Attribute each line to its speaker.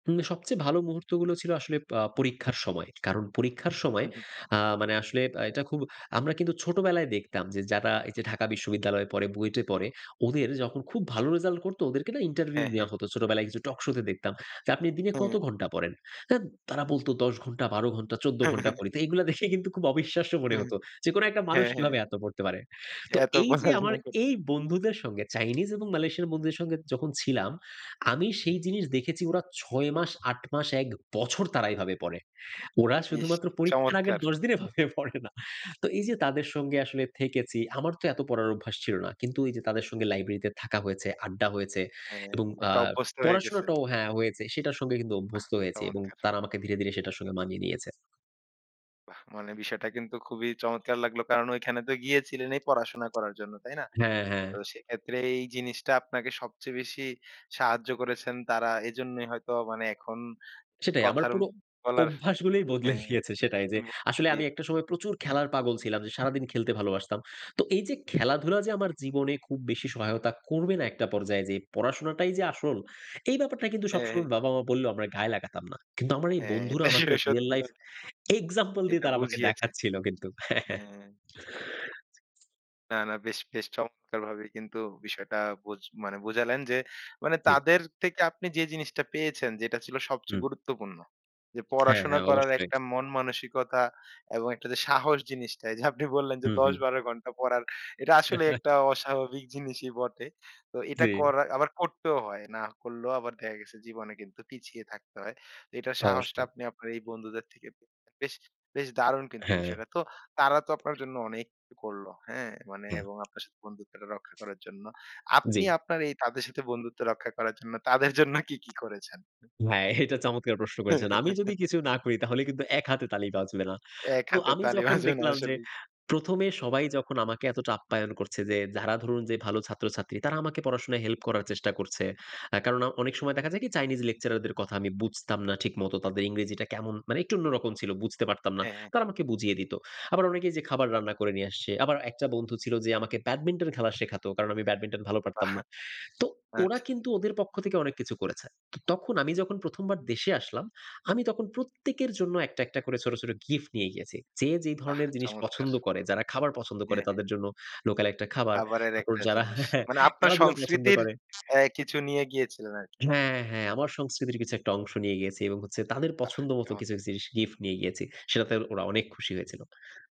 Speaker 1: উম সবচেয়ে ভালো মুহূর্তগুলো ছিল আসলে আ পরীক্ষার সময়। কারণ পরীক্ষার
Speaker 2: হু,
Speaker 1: সময়
Speaker 2: হু।
Speaker 1: আ মানে আসলে বা এটা খুব আমরা কিন্তু ছোটবেলায় দেখতাম যে যারা এইযে ঢাকা বিশ্ববিদ্যালয়ে পড়ে, বুয়েটে পড়ে ওদের যখন খুব ভালো রেজাল্ট করতো। ওদেরকে না ইন্টারভিউ
Speaker 2: হ্যাঁ,
Speaker 1: নেয়া
Speaker 2: হ্যাঁ।
Speaker 1: হতো। ছোটবেলায় কিছু টকশোতে দেখতাম। যে আপনি দিনে কত
Speaker 2: হু।
Speaker 1: ঘণ্টা পড়েন? আ তারা বলতো, "১০ ঘণ্টা, ১২ ঘণ্টা, ১৪
Speaker 2: হ্যাঁ,
Speaker 1: ঘণ্টা
Speaker 2: হ্যাঁ।
Speaker 1: পড়ি।" তো এগুলো দেখে কিন্তু খুব অবিশ্বাস্য মনে হতো। যে কোন একটা মানুষ
Speaker 2: হ্যাঁ, হ্যাঁ।
Speaker 1: কিভাবে এত পড়তে পারে? তো
Speaker 2: এত
Speaker 1: এইযে আমার
Speaker 2: পড়াশোনা কর
Speaker 1: এই বন্ধুদের সঙ্গে চাইনিজ এবং মালয়েশিয়ান বন্ধুদের সঙ্গে যখন ছিলাম আমি সেই জিনিস দেখেছি ওরা ৬ মাস, ৮ মাস, ১ বছর তারা এভাবে পড়ে। ওরা
Speaker 2: ইস,
Speaker 1: শুধুমাত্র পরীক্ষার আগের
Speaker 2: চমৎকার!
Speaker 1: ১০ দিন এভাবে পড়ে না। তো এইযে তাদের সঙ্গে আসলে থেকেছি আমার তো এত পড়ার অভ্যাস ছিল না। কিন্তু এইযে তাদের সঙ্গে লাইব্রেরিতে থাকা হয়েছে, আড্ডা হয়েছে
Speaker 2: হ্যাঁ,
Speaker 1: এবং আ
Speaker 2: একটা অভ্যস্ত হয়ে গেছেন।
Speaker 1: পড়াশোনাটাও হ্যাঁ হয়েছে। সেটার সঙ্গে কিন্তু
Speaker 2: বাহ!
Speaker 1: অভ্যস্ত হয়েছি এবং
Speaker 2: চমৎকার!
Speaker 1: তারা আমাকে ধীরে, ধীরে সেটার সঙ্গে মানিয়ে নিয়েছে।
Speaker 2: বাহ! মানে বিষয়টা কিন্তু খুবই চমৎকার লাগলো। কারণ ঐখানে তো গিয়েছিলেন এই পড়াশোনা করার জন্য। তাই না?
Speaker 1: হ্যাঁ, হ্যাঁ।
Speaker 2: তো সেক্ষেত্রে এই জিনিসটা আপনাকে সবচেয়ে বেশি সাহায্য করেছেন তারা, এজন্যই হয়তো মানে এখন যে
Speaker 1: সেটাই।
Speaker 2: কথা
Speaker 1: আমার পুরো
Speaker 2: বলার
Speaker 1: অভ্যাসগুলোই বদলে
Speaker 2: হ্যাঁ।
Speaker 1: গিয়েছে। সেটাই। যে
Speaker 2: বদলে
Speaker 1: আসলে
Speaker 2: দিয়ে
Speaker 1: আমি একটা সময় প্রচুর খেলার পাগল ছিলাম যে সারাদিন খেলতে ভালোবাসতাম। তো এইযে খেলাধুলা যে আমার জীবনে খুব বেশি সহায়তা করবে না একটা পর্যায়ে যেয়ে পড়াশোনাটাই যে আসল, এই ব্যাপারটা কিন্তু
Speaker 2: হ্যাঁ,
Speaker 1: সবসময়
Speaker 2: হ্যাঁ।
Speaker 1: বাবা-মা বললেও আমরা গায়ে লাগাতাম না। কিন্তু আমার এই
Speaker 2: হ্যাঁ,
Speaker 1: বন্ধুরা
Speaker 2: এটা স
Speaker 1: আমাকে real
Speaker 2: সত্যি
Speaker 1: life
Speaker 2: কথা।
Speaker 1: example দিয়ে
Speaker 2: এটা
Speaker 1: তারা আমাকে
Speaker 2: বুঝিয়েছে।
Speaker 1: দেখাচ্ছিল কিন্তু। হ্যাঁ, হ্যাঁ।
Speaker 2: হ্যাঁ। না, না। বেশ বেশ চমৎকারভাবে কিন্তু বিষয়টা বোঝ মানে বোঝালেন যে মানে
Speaker 1: জি।
Speaker 2: তাদের থেকে আপনি যে জিনিসটা পেয়েছেন যেটা ছিল সবচেয়ে
Speaker 1: হুম।
Speaker 2: গুরুত্বপূর্ণ। যে
Speaker 1: হ্যাঁ,
Speaker 2: পড়াশোনা
Speaker 1: হ্যাঁ।
Speaker 2: করার
Speaker 1: অবশ্যই।
Speaker 2: একটা মন মানসিকতা এবং একটা যে সাহস জিনিসটা এইযে আপনি বললেন যে
Speaker 1: হু,
Speaker 2: দশ,
Speaker 1: হু।
Speaker 2: বারো ঘন্টা পড়ার এটা আসলে একটা অস্বাভাবিক জিনিসই বটে। তো এটা
Speaker 1: জি।
Speaker 2: করা আবার করতেও হয়। না করলেও আবার দেখা গেছে জীবনে কিন্তু পিছিয়ে থাকতে হয়। এটার সাহসটা
Speaker 1: অবশ্যই।
Speaker 2: আপনি আপনার এই বন্ধুদের থেকে বেশ বেশ দারুণ কিন্তু
Speaker 1: হ্যাঁ।
Speaker 2: বিষয়টা। তো তারা তো আপনার জন্য অনেক অ করলো। হ্যাঁ? মানে
Speaker 1: না।
Speaker 2: এবং আপনার সাথে বন্ধুত্বটা রক্ষা করার জন্য। আপনি
Speaker 1: জি।
Speaker 2: আপনার এই তাদের সাথে বন্ধুত্ব রক্ষা করার জন্য তাদের জন্য কি, কি করেছেন?
Speaker 1: হ্যাঁ, এটা চমৎকার প্রশ্ন করেছেন। আমি যদি কিছু না করি তাহলে কিন্তু এক হাতে তালি বাজবে না।
Speaker 2: এক
Speaker 1: তো
Speaker 2: হাতে
Speaker 1: আমি
Speaker 2: তালি
Speaker 1: যখন
Speaker 2: বাজবে না
Speaker 1: দেখলাম যে
Speaker 2: আসলেই।
Speaker 1: ১ম এ সবাই যখন আমাকে এতটা আপ্যায়ন করছে যে যারা ধরুন যে ভালো ছাত্রছাত্রী তারা আমাকে পড়াশোনায় হেল্প করার চেষ্টা করছে। আ কারণ অ অনেক সময় দেখা যায় কি? চাইনিজ lecturer দের কথা আমি বুঝতাম না ঠিক মত। তাদের ইংরেজিটা কেমন মানে একটু অন্যরকম ছিল। বুঝতে পারতাম না।
Speaker 2: হ্যাঁ, হ্যাঁ।
Speaker 1: তারা আমাকে বুঝিয়ে দিত। আবার অনেকেই যে খাবার রান্না করে নিয়ে আসছে। আবার একটা বন্ধু ছিল যে আমাকে ব্যাডমিন্টন খেলা শেখাতো। কারণ আমি ব্যাডমিন্টন ভালো পারতাম
Speaker 2: বাহ!
Speaker 1: না। তো ওরা
Speaker 2: আচ্ছা।
Speaker 1: কিন্তু ওদের পক্ষ থেকে অনেক কিছু করেছে। অ তখন আমি যখন ১ম বার দেশে আসলাম, আমি তখন প্রত্যেকের জন্য একটা, একটা করে ছোট, ছোট গিফট নিয়ে গিয়েছি। যে যে
Speaker 2: বাহ!
Speaker 1: ধরনের জিনিস
Speaker 2: চমৎকার!
Speaker 1: পছন্দ করে, যারা খাবার পছন্দ করে
Speaker 2: হ্যাঁ, হ্যাঁ।
Speaker 1: তাদের জন্য লোকাল একটা খাবার,
Speaker 2: খাবারের
Speaker 1: তারপর
Speaker 2: একটা
Speaker 1: হ্যাঁ, যারা
Speaker 2: জিনিস। মানে আপনার
Speaker 1: খেলাধুলা পছন্দ
Speaker 2: সংস্কৃতির
Speaker 1: করে
Speaker 2: অ্যা কিছু নিয়ে গিয়েছিলেন আরকি।
Speaker 1: হ্যাঁ, হ্যাঁ। আমার সংস্কৃতির কিছু একটা অংশ নিয়ে গিয়েছি এবং হচ্ছে তাদের
Speaker 2: বাহ!
Speaker 1: পছন্দ মতো
Speaker 2: চমৎকার!
Speaker 1: কিছু জিনিস গিফট নিয়ে গিয়েছি। সেটাতে ওরা অনেক খুশি হয়েছিল।